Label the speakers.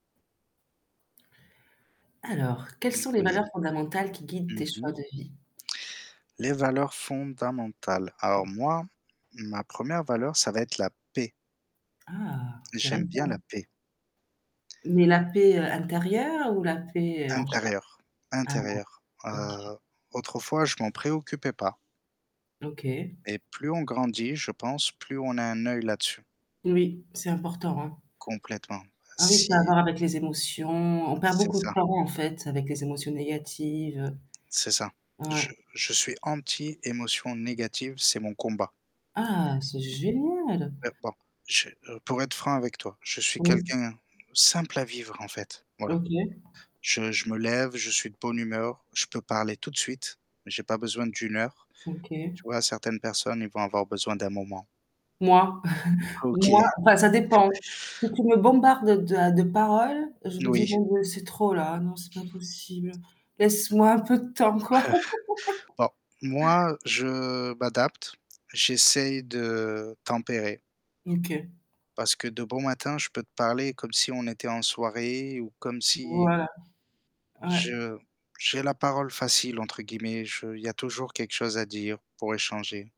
Speaker 1: Alors, quelles
Speaker 2: Mmh.
Speaker 1: sont les
Speaker 2: Oui.
Speaker 1: valeurs fondamentales, qui guident
Speaker 2: Mmh
Speaker 1: tes choix
Speaker 2: mh.
Speaker 1: de vie?
Speaker 2: Les valeurs fondamentales. Alors, moi, ma 1re valeur, ça va être la paix.
Speaker 1: Ah!
Speaker 2: J'aime bien la
Speaker 1: Intéressant.
Speaker 2: paix.
Speaker 1: Mais la paix, heu, intérieure, ou la paix, heu, en généra
Speaker 2: Intérieure,
Speaker 1: ah, non,
Speaker 2: intérieure.
Speaker 1: OK.
Speaker 2: Heu, autrefois, je m'en préoccupais pas.
Speaker 1: OK.
Speaker 2: Et plus on grandit, je pense, plus on a un oeil là-dessus.
Speaker 1: Oui, c'est important, hein.
Speaker 2: Complètement,
Speaker 1: Ah, oui, ça à
Speaker 2: si
Speaker 1: voir avec les émotions. On perd
Speaker 2: C'est
Speaker 1: beaucoup de
Speaker 2: ça.
Speaker 1: temps, en fait, avec les émotions négatives,
Speaker 2: C'est ça.
Speaker 1: heu ouais.
Speaker 2: Je je suis anti émotion négative, c'est mon combat.
Speaker 1: Ah, c'est
Speaker 2: Mmh,
Speaker 1: génial!
Speaker 2: heu, bon, je heu, pour être franc avec toi, je suis
Speaker 1: Mmh.
Speaker 2: quelqu'un simple à vivre, en fait, voilà.
Speaker 1: OK.
Speaker 2: Je je me lève, je suis de bonne humeur. Je peux parler tout de suite mais j'ai pas besoin d'1 heure.
Speaker 1: OK.
Speaker 2: Tu vois? Certaines personnes, ils vont avoir besoin d'un moment.
Speaker 1: Moi.
Speaker 2: OK. Ah,
Speaker 1: Moi,
Speaker 2: oui.
Speaker 1: enfin ça dépend, si tu me bombardes de à de paroles, je
Speaker 2: N
Speaker 1: me dis:
Speaker 2: oui.
Speaker 1: «bon, beh, c'est trop, là, ah, non, c'est pas possible. Laisse-moi un peu de temps, quoi.»
Speaker 2: Bon, moi, je m'adapte. J'essaye de tempérer
Speaker 1: OK.
Speaker 2: parce que, de bon matin, je peux te parler, comme si on était en soirée, ou comme si
Speaker 1: Voilà. Ouais.
Speaker 2: je j'ai la parole facile, entre guillemets, je il y a toujours quelque chose à dire, pour échanger.